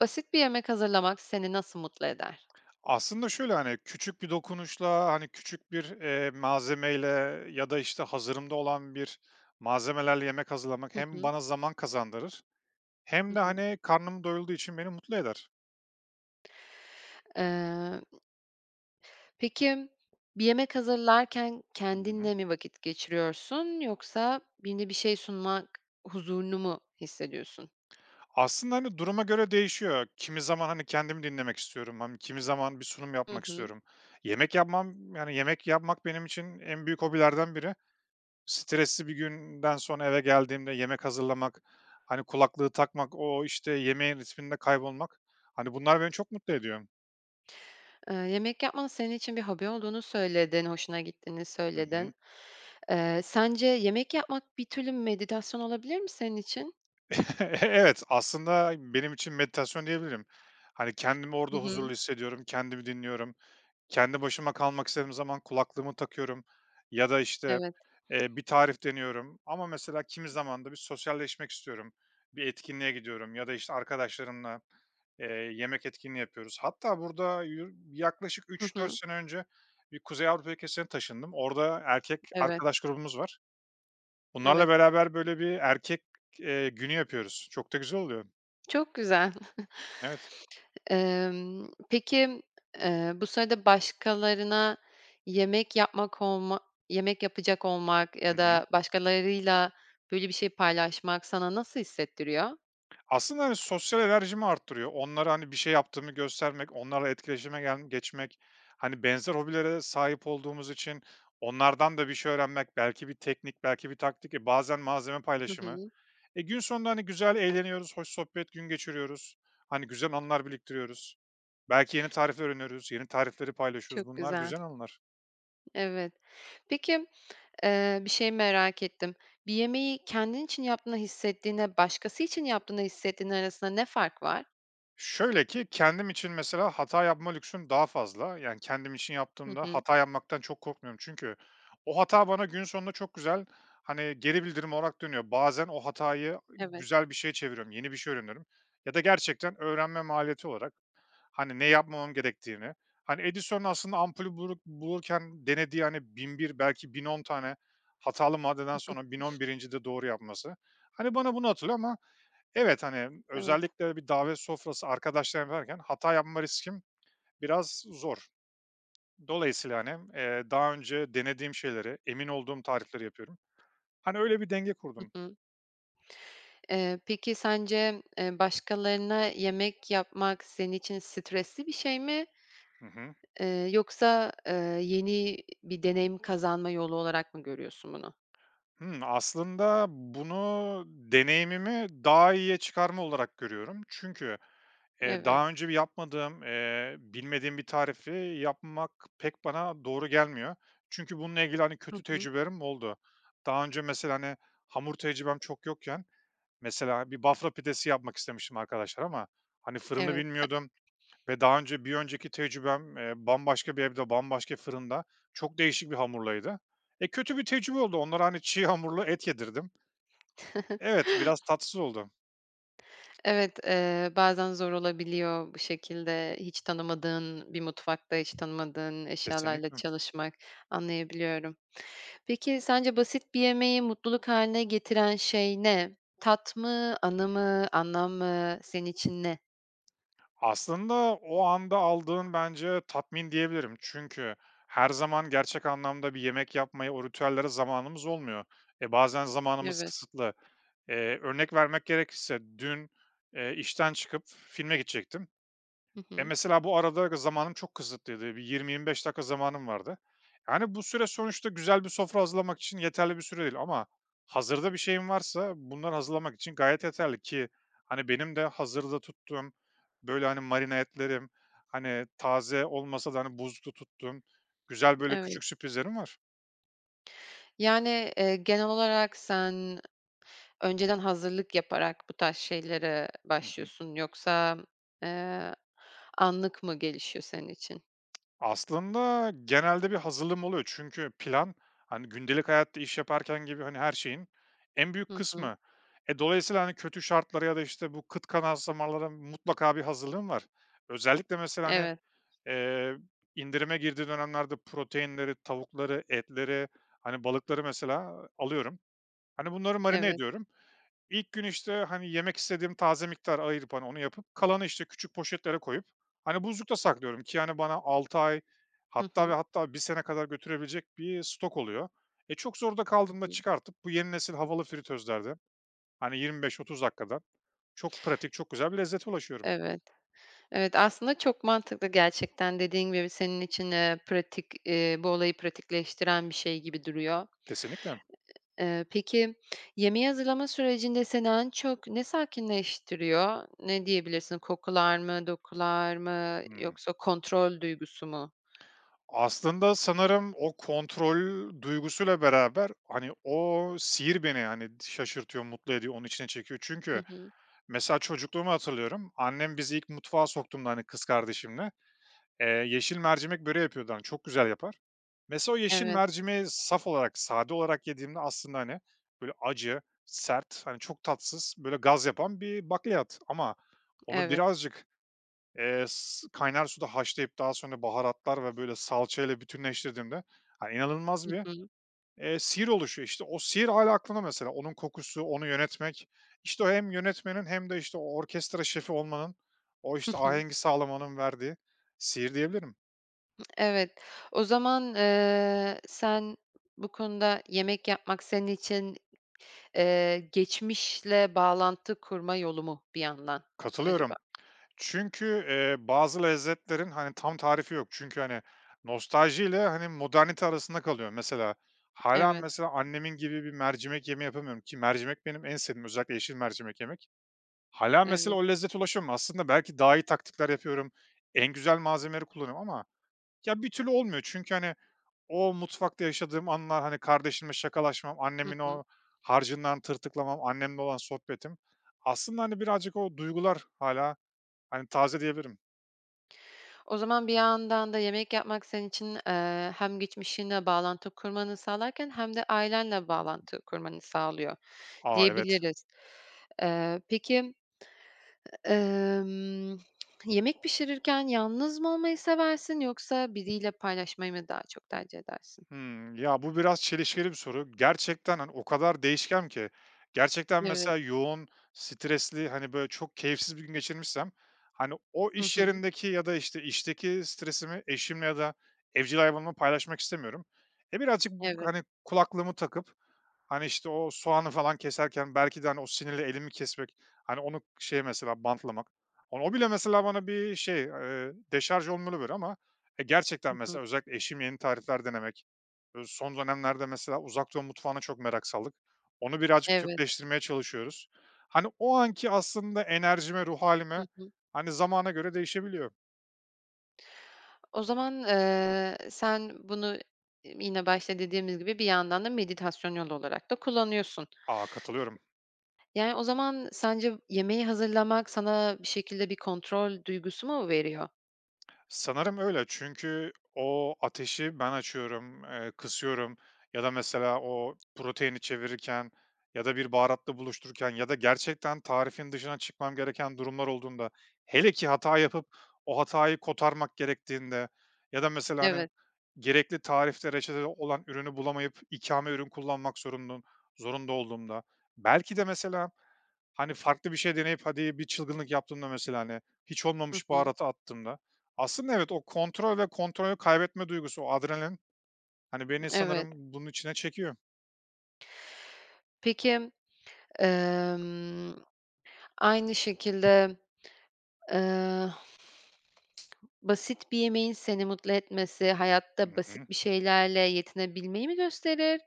Basit bir yemek hazırlamak seni nasıl mutlu eder? Aslında şöyle, hani, küçük bir dokunuşla, hani, küçük bir, eee, malzemeyle ya da, işte, hazırımda olan bir malzemelerle yemek hazırlamak Hı hem hı. bana zaman kazandırır hem Hı de, hı. hani, karnım doyulduğu için beni mutlu eder. Eee Peki, bir yemek hazırlarken Hı hı. kendinle mi vakit geçiriyorsun yoksa yeni bir şey sunmak huzurunu mu hissediyorsun? Aslında, hani, duruma göre değişiyor. Kimi zaman, hani, kendimi dinlemek istiyorum mım kimi zaman bir sunum Hı yapmak hı. istiyorum. Yemek yapmam, yani, yemek yapmak, benim için en büyük hobilerden biri. Stresli bir günden sonra eve geldiğimde yemek hazırlamak, hani, kulaklığı takmak, o, işte, yemeğin ritminde kaybolmak, hani, bunlar beni çok mutlu ediyor. Eee, yemek yapmanın senin için bir hobi olduğunu söyledin, hoşuna gittiğini Hı hı. söyledin. Eee, sence yemek yapmak bir türlü meditasyon olabilir mi senin için? Evet, aslında benim için meditasyon diyebilirim. Hani, kendimi orada Hı huzurlu hı. hissediyorum, kendimi dinliyorum. Kendi başıma kalmak istediğim zaman kulaklığımı takıyorum ya da, işte, Evet. eee, bir tarif deniyorum. Ama, mesela, kimi zaman da bir sosyalleşmek istiyorum, bir etkinliğe gidiyorum ya da, işte, arkadaşlarımla, eee, yemek etkinliği yapıyoruz. Hatta burada yu yaklaşık Hı 3-4 hı. sene önce bir Kuzey Avrupa ülkesine taşındım. Orada erkek Evet. arkadaş grubumuz var. Bunlarla Evet. beraber, böyle, bir erkek, eee, günü yapıyoruz. Çok da güzel oluyor. Çok güzel. Evet. Emm, peki, eee, bu sırada başkalarına yemek yapmak olma yemek yapacak olmak Hı ya hı. da başkalarıyla, böyle bir şey paylaşmak sana nasıl hissettiriyor? Aslında, hani, sosyal enerjimi arttırıyor. Onlara, hani, bir şey yaptığımı göstermek, onlarla etkileşime gelm geçmek Hani, benzer hobilere sahip olduğumuz için onlardan da bir şey öğrenmek, belki bir teknik, belki bir taktik ve bazen malzeme Hı paylaşımı. hı. E, gün sonunda, hani, güzel eğleniyoruz, hoş sohbet, gün geçiriyoruz. Hani, güzel anılar biriktiriyoruz. Belki yeni tarif öğreniyoruz. Yeni tarifleri paylaşıyoruz. Çok Bunlar güzel. güzel anılar. Evet. Peki, eee, bir şey merak ettim: Bir yemeği kendin için yaptığını hissettiğinle, başkası için yaptığını hissettiğin arasında ne fark var? Şöyle ki, kendim için, mesela, hata yapma lüksüm daha fazla. Yani, kendim için Hı yaptığımda hı. hata yapmaktan çok korkmuyorum çünkü o hata bana gün sonunda çok güzel, hani, geri bildirim olarak dönüyor. Bazen o hatayı Evet. güzel bir şeye çeviriyorum, yeni bir şey öğreniyorum ya da gerçekten öğrenme maliyeti olarak, hani, ne yapmamam gerektiğini, hani, Edison'un aslında ampulü bulur bulurken denediği, hani, 1001, belki, 1010 tane hatalı maddeden sonra, 1011'incide doğru yapması, hani, bana bunu hatırlıyor Ama evet, hani, Evet. özellikle de bir davet sofrası, arkadaşlarım varken hata yapma riskim biraz zor. Dolayısıyla, hani, eee, daha önce denediğim şeyleri, emin olduğum tarifleri yapıyorum. Hani, öyle bir denge Hı kurdum. hı. Eee, peki, sence, eee, başkalarına yemek yapmak senin için stresli bir şey mi, Hı hı. eee, yoksa, eee, yeni bir deneyim kazanma yolu olarak mı görüyorsun bunu? Hımm, aslında bunu deneyimimi daha iyiye çıkarma olarak görüyorum çünkü, eee, Evet. daha önce bir yapmadığım, eee, bilmediğim bir tarifi yapmak pek bana doğru gelmiyor. Çünkü bununla ilgili, hani, Hı kötü hı. tecrübelerim oldu. Daha önce, mesela, hani, hamur tecrübem çok yokken, mesela, bir Bafra pidesi yapmak istemiştim arkadaşlara ama, hani, fırını Evet. bilmiyordum. Ve daha önce, bir önceki tecrübem, eee, bambaşka bir evde, bambaşka fırında, çok değişik bir hamurlaydı. E, kötü bir tecrübe oldu. Onlara, hani, çiğ hamurla et yedirdim. Evet, biraz tatsız oldu. Evet, eee, bazen zor olabiliyor. Bu şekilde, hiç tanımadığın bir mutfakta, hiç tanımadığın eşyalarla Kesinlikle. çalışmak, anlayabiliyorum. Peki, sence basit bir yemeği mutluluk hâline getiren şey ne? Tat mı, Hı anı hı. mı, anlam mı, senin için ne? Aslında, o anda aldığın bence tatmin diyebilirim. Çünkü her zaman gerçek anlamda bir yemek yapmaya, o ritüellere zamanımız olmuyor. E, bazen zamanımız Evet. kısıtlı. Eee, örnek vermek gerekirse dün, eee, işten çıkıp filme gidecektim. Hı Eee, hı. mesela, bu arada g zamanım çok kısıtlıydı. Bir 20-25 dakika zamanım vardı. Yani, bu süre sonuçta güzel bir sofra hazırlamak için yeterli bir süre değil ama hazırda bir şeyim varsa bunları hazırlamak için gayet yeterli. Ki, hani, benim de hazırda tuttuğum, böyle, hani, marine etlerim, hani, taze olmasa da, hani, buzlukta tuttuğum güzel, böyle Evet. küçük sürprizlerim var. Yani, eee, genel olarak sen önceden hazırlık yaparak bu tarz şeylere Hı hı. başlıyorsun. Yoksa, eee, anlık mı gelişiyor senin için? Aslında, genelde bir hazırlığım oluyor çünkü plan, hani, gündelik hayatta iş yaparken gibi, hani, her şeyin en büyük Hı hı. kısmı. E, dolayısıyla, hani, kötü şartlara ya da, işte, bu kıt kanaat zamanlara mutlaka bir hazırlığım var. Özellikle mesela, hani, Evet. eee, indirime girdiği dönemlerde proteinleri, tavukları, etleri, hani, balıkları, mesela, alıyorum. Hani, bunları marine Evet. ediyorum. İlk gün, işte, hani, yemek istediğim taze miktarı ayırıp, hani, onu yapıp, kalanı, işte, küçük poşetlere koyup, hani, buzlukta saklıyorum ki, hani, bana 6 ay Hı hatta hı. ve hatta 1 sene kadar götürebilecek bir stok oluyor. E, çok zorda Hı kaldığımda hı. çıkartıp bu yeni nesil havalı fritözlerde, hani, 25-30 dakikada çok pratik, çok güzel bir lezzete ulaşıyorum. Evet. Evet, aslında çok mantıklı gerçekten, dediğin gibi, senin için, eee, pratik, eee, bu olayı pratikleştiren bir şey gibi duruyor. Kesinlikle. Eee, peki, yemeği hazırlama sürecinde seni en çok ne sakinleştiriyor? Ne diyebilirsin? Kokular mı, dokular mı Hıı. yoksa kontrol duygusu mu? Aslında, sanırım o kontrol duygusuyla beraber, hani, o sihir beni, hani, şaşırtıyor, mutlu ediyor, onun içine çekiyor. Hı Çünkü, hı. mesela, çocukluğumu hatırlıyorum, annem bizi ilk mutfağa soktuğunda, hani, kız kardeşimle, eee, yeşil mercimek böreği yapıyordu, hani, çok güzel yapar. Mesela, o yeşil Evet. mercimeği saf olarak, sade olarak yediğimde, aslında, hani, böyle acı, sert, hani, çok tatsız, böyle, gaz yapan bir bakliyat. Ama onu Evet. birazcık, eee, s kaynar suda haşlayıp daha sonra baharatlar ve böyle salçayla bütünleştirdiğimde, hani, inanılmaz Hı bir, hı. eee, sihir oluşuyor. İşte, o sihir hâlâ aklımda mesela, onun kokusu, onu yönetmek, işte, o hem yönetmenin hem de işte, o orkestra şefi olmanın, o Hı işte, hı. ahengi sağlamanın verdiği sihir diyebilirim. Evet. O zaman, eee, sen bu konuda yemek yapmak senin için, eee, geçmişle bağlantı kurma yolu mu bir yandan acaba? Katılıyorum. Çünkü, eee, bazı lezzetlerin, hani, tam tarifi yok. Çünkü, hani, nostaljiyle, hani, modernite arasında kalıyor. Mesela, hâlâ, Evet. mesela, annemin gibi bir mercimek yemeği yapamıyorum. Ki mercimek benim en sevdiğim, özellikle yeşil mercimek yemek. Hâlâ, mesela, Evet. o lezzete ulaşamıyorum. Aslında belki daha iyi taktikler yapıyorum, en güzel malzemeleri kullanıyorum ama ya, bir türlü olmuyor. Çünkü, hani, o mutfakta yaşadığım anlar, hani, kardeşimle şakalaşmam, Hı annemin hı. o harcından tırtıklamam, annemle olan sohbetim, aslında, hani, birazcık o duygular hâlâ, hani, taze diyebilirim. O zaman bir yandan da yemek yapmak senin için, eee, hem geçmişinle bağlantı kurmanı sağlarken hem de ailenle bağlantı kurmanı sağlıyor A! Evet. diyebiliriz. Eee, peki, emm, yemek pişirirken yalnız mı olmayı seversin yoksa biriyle paylaşmayı mı daha çok tercih edersin? Hıı. Ya, bu biraz çelişkili bir soru. Gerçekten, hani, o kadar değişken ki. Gerçekten, Evet. mesela, yoğun, stresli, hani, böyle çok keyifsiz bir gün geçirmişsem, hani, o Hı iş hı. yerindeki ya da, işte, işteki stresimi eşim ya da evcil hayvanımla paylaşmak istemiyorum. E, birazcık b Evet. hani, kulaklığımı takıp, hani, işte, o soğanı falan keserken belki de, hani, o sinirle elimi kesmek, hani, onu şeye, mesela, bantlamak Hani, o bile, mesela, bana bir şey, eee, deşarj [unintelligible] ama. E, gerçekten, Hı hı. mesela, özellikle eşim yeni tarifler denemek, uuu, son dönemlerde, mesela, Uzak Doğu mutfağına çok merak saldık. Onu birazcık Evet. Türkleştirmeye çalışıyoruz. Hani, o anki aslında enerjime, ruh Hı hâlime, hı. hani, zamana göre değişebiliyor. O zaman, eee, sen bunu y yine başta dediğimiz gibi bir yandan da meditasyon yolu olarak da kullanıyorsun. A! Katılıyorum. Yani, o zaman sence v yemeği hazırlamak sana bir şekilde bir kontrol duygusu mu veriyor? Sanırım öyle. Çünkü o ateşi ben açıyorum, eee, kısıyorum ya da, mesela, o proteini çevirirken ya da bir baharatla buluştururken ya da gerçekten tarifin dışına çıkmam gereken durumlar olduğunda, hele ki hata yapıp o hatayı kotarmak gerektiğinde ya da, mesela, hani, Evet. gerekli tarifte, reçetede olan ürünü bulamayıp ikame ürün kullanmak zorunlum zorunda olduğumda, belki de, mesela, hani, farklı bir şey deneyip, hadi bir çılgınlık yaptığımda, mesela, hani, hiç Hı olmamış hı. baharatı attığımda, aslında evet, o kontrol ve kontrolü kaybetme duygusu, o adrenalin, hani, beni Evet. sanırım bunun içine çekiyor. Peki. Emm, aynı şekilde, eee, basit bir yemeğin seni mutlu etmesi Hı hayatta hı. basit bir şeylerle yetinebilmeyi mi gösterir,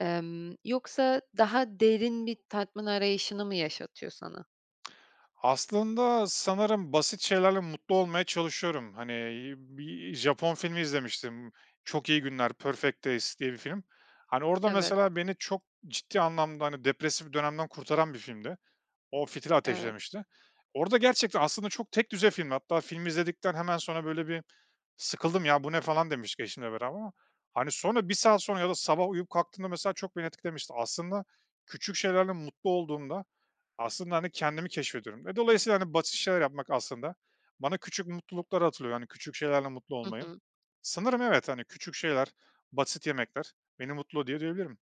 emm, yoksa daha derin bir tatmin arayışını mı yaşatıyor sana? Aslında, sanırım basit şeylerle mutlu olmaya çalışıyorum. Hani, bir, iii, Japon filmi izlemiştim, "Çok İyi Günler", "Perfect Days" diye bir film. Hani, orada, Evet. mesela, beni çok ciddi anlamda, hani, depresif dönemden kurtaran bir filmdi. O fitili Evet. ateşlemişti. Orada gerçekten, aslında, çok tekdüze filmdi. Hatta filmi izledikten hemen sonra böyle bir sıkıldım, "Ya, bu ne?" falan demiştik eşimle beraber ama, hani, sonra 1 saat sonra ya da sabah uyuyup kalktığımda, mesela, çok beni etkilemişti. Aslında, küçük şeylerle mutlu olduğumda, aslında, hani, kendimi keşfediyorum. E, dolayısıyla, hani, basit şeyler yapmak, aslında, bana küçük mutlulukları hatırlatıyor. Hani, küçük şeylerle mutlu Hı olmayı. hı. Sanırım evet, hani, küçük şeyler, basit yemekler beni mutlu ediyor diyebilirim.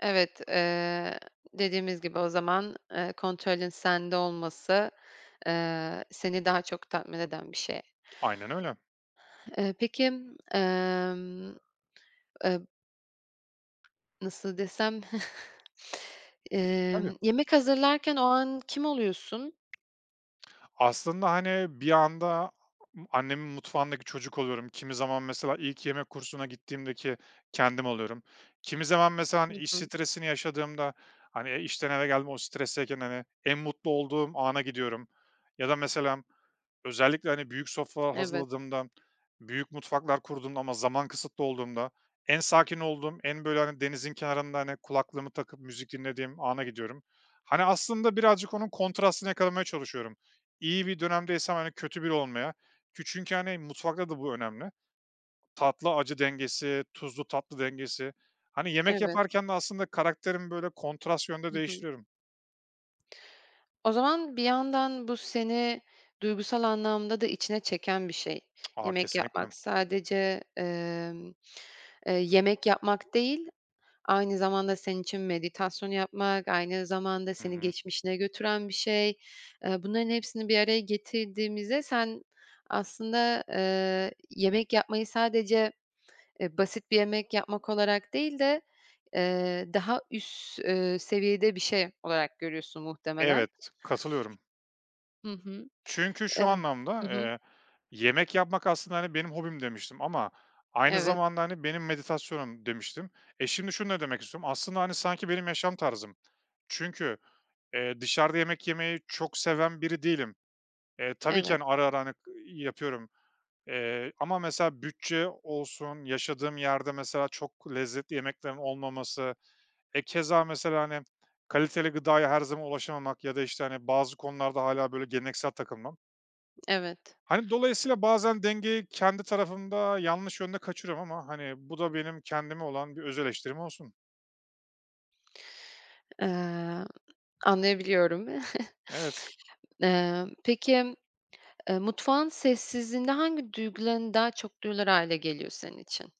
Evet, eee, dediğimiz gibi o zaman, eee, kontrolün sende olması, eee, seni daha çok tatmin eden bir şey. Aynen öyle. Eee, peki, emm, eee Nasıl desem? Tabii. Emm, yemek hazırlarken o an kim oluyorsun? Aslında, hani, bir anda annemin mutfağındaki çocuk oluyorum. Kimi zaman, mesela, ilk yemek kursuna gittiğimdeki kendim oluyorum, kimi zaman, mesela, hani, Hı iş hı. stresini yaşadığımda, hani, işten eve geldim, o stresteyken, hani, en mutlu olduğum ana gidiyorum ya da mesela, özellikle, hani, büyük sofralar Evet. hazırladığımda, büyük mutfaklar kurduğumda ama zaman kısıtlı olduğunda en sakin olduğum, en böyle, hani, denizin kenarında, hani, kulaklığımı takıp müzik dinlediğim ana gidiyorum. Hani, aslında birazcık onun kontrastını yakalamaya çalışıyorum. İyi bir dönemdeysem, hani, kötü biri olmaya. Kü çünkü, hani, mutfakta da bu önemli, tatlı acı dengesi, tuzlu tatlı dengesi. Hani, yemek Evet. yaparken de aslında karakterimi, böyle, kontrast yönde Hı hı. değiştiriyorum. O zaman, bir yandan bu seni duygusal anlamda da içine çeken bir şey. A! Yemek Kesinlikle. yapmak sadece, emm, eee, yemek yapmak değil, aynı zamanda senin için meditasyon yapmak, aynı zamanda Hı seni hı. geçmişine götüren bir şey. Eee, bunların hepsini bir araya getirdiğimizde sen aslında, eee, yemek yapmayı sadece, eee, basit bir yemek yapmak olarak değil de, eee, daha üst, eee, seviyede bir şey olarak görüyorsun, muhtemelen. Evet, katılıyorum. Hı hı. Çünkü Eh şu Hı anlamda, hı. eee, yemek yapmak aslında, hani, benim hobim demiştim ama aynı Evet. zamanda, hani, benim meditasyonum demiştim. E, şimdi şunu da demek istiyorum. Aslında, hani, sanki benim yaşam tarzım. Çünkü, eee, dışarıda yemek yemeyi çok seven biri değilim. E, tabii ki, Evet. hani, ara ara, hani, yapıyorum, eee, ama mesela, bütçe olsun, yaşadığım yerde, mesela, çok lezzetli yemeklerin olmaması, e, keza mesela, hani, kaliteli gıdaya her zaman ulaşamamak ya da işte, hani, bazı konularda hâlâ böyle geleneksel takılmam Evet. Hani, dolayısıyla bazen dengeyi kendi tarafımda yanlış yönde kaçırıyorum ama, hani, bu da benim kendime olan bir öz eleştirim olsun. Eee, anlayabiliyorum. Evet. Eee, peki, eee, mutfağın sessizliğinde hangi duyguların daha çok duyulur hâle geliyor senin için?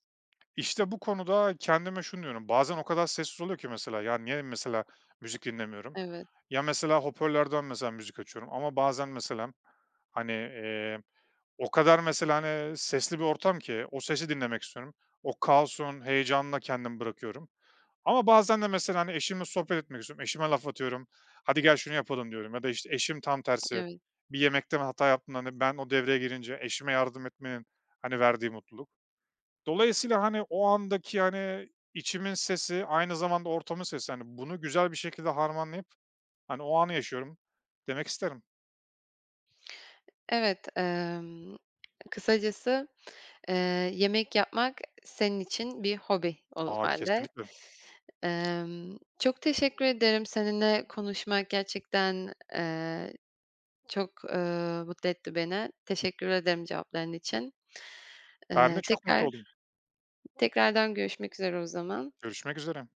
İşte, bu konuda kendime şunu diyorum, bazen o kadar sessiz oluyor ki, mesela, ya, niye, mesela, müzik dinlemiyorum? Evet. Ya, mesela, hoparlörden, mesela, müzik açıyorum ama bazen, meselem, hani, iii, o kadar, mesela, hani, ııı, sesli bir ortam ki o sesi dinlemek istiyorum. O kaosun heyecanına kendimi bırakıyorum. Ama bazen de, mesela, hani, eşimle sohbet etmek istiyorum, eşime laf atıyorum, "Hadi gel, şunu yapalım." diyorum. Ya da, işte, eşim tam tersi, Evet. bir yemekte [unintelligible] hata yaptığında, hani, ben, o devreye girince eşime yardım etmenin, hani, verdiği mutluluk. Dolayısıyla, hani, o andaki, hani, içimin sesi, aynı zamanda ortamın sesi. Hani, bunu güzel bir şekilde harmanlayıp, hani, o anı yaşıyorum demek isterim. Evet, emm, kısacası, eee, yemek yapmak senin için bir hobi o A, hâlde. kesinlikle. Emm, çok teşekkür ederim. Seninle konuşmak gerçekten, eee, çok, eee, mutlu etti beni. Teşekkür ederim cevapların için. Ben de Eee, çok mutlu tekrar oldum. tekrardan görüşmek üzere o zaman. Görüşmek üzere.